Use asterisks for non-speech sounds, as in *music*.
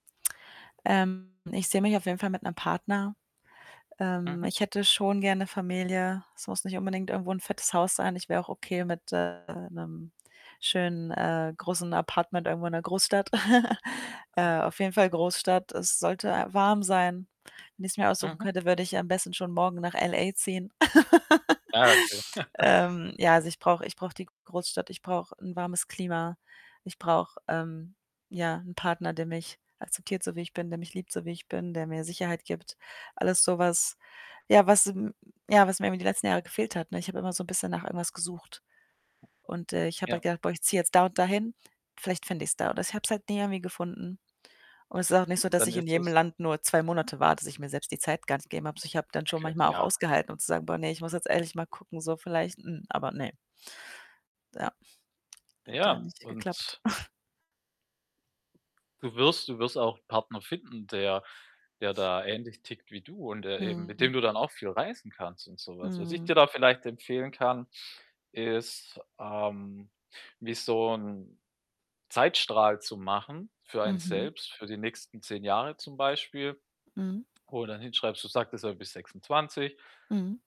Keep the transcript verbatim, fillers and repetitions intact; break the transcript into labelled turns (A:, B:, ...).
A: Ähm, ich sehe mich auf jeden Fall mit 'nem Partner. Ähm,
B: Mhm.
A: ich hätte schon gerne Familie. Es muss nicht unbedingt irgendwo 'n fettes Haus sein, ich wäre auch okay mit, äh, 'nem schönen, äh, großen Apartment irgendwo in 'ner Großstadt. *chuckles*
B: Ach
A: Äh,
B: ja.
A: auf jeden Fall Großstadt. Es sollte warm sein. Wenn ich's mir aussuchen
B: Mhm.
A: könnte, würde ich am besten schon morgen nach L.A. ziehen. *laughs*
B: Ah, okay.
A: Ähm,
B: *chuckles*
A: ja, also, ich brauche ich brauche die Großstadt, ich brauche 'n warmes Klima. Ich brauche, ähm, ja, 'n Partner, der mich akzeptiert, so wie ich bin, der mich liebt, so wie ich bin, der mir Sicherheit gibt. Alles so was, ja, was, m ja, was mir eben die letzten Jahre gefehlt hat, ne? Ich habe immer so 'n bisschen nach irgendwas gesucht. Und, äh, ich habe halt
B: Ja.
A: gedacht: „Boah, ich ziehe jetzt da und da hin. Vielleicht finde ich's da.“ Und ich habe es halt nie irgendwie gefunden. Und es ist auch nicht so, dass
B: Dann
A: ich in
B: ist
A: jedem
B: es
A: Land nur zwei Monate war, dass ich mir selbst die Zeit gar nicht gegeben habe. Also, ich habe dann schon
B: Okay,
A: manchmal auch
B: ja.
A: ausgehalten, um zu sagen: „Boah, ne, ich muss jetzt ehrlich mal gucken, so vielleicht, m“ aber, ne? Ja,
B: Na
A: hat dann
B: ja,
A: nicht geklappt.
B: und
A: *snorts*
B: du wirst du wirst auch ‘n Partner finden, der der da ähnlich tickt wie du und der eben mit
A: Mhm.
B: dem du dann auch viel reisen kannst und so was. Was ich
A: Mhm.
B: dir da vielleicht empfehlen kann, ist, ähm, wie so ‘n Zeitstrahl zu machen für einen
A: Mhm.
B: selbst, für die nächsten zehn Jahre zum Beispiel,
A: Mhm.
B: wo du dann hinschreibst du sagtest ja, du bist sechsundzwanzig
A: Mhm.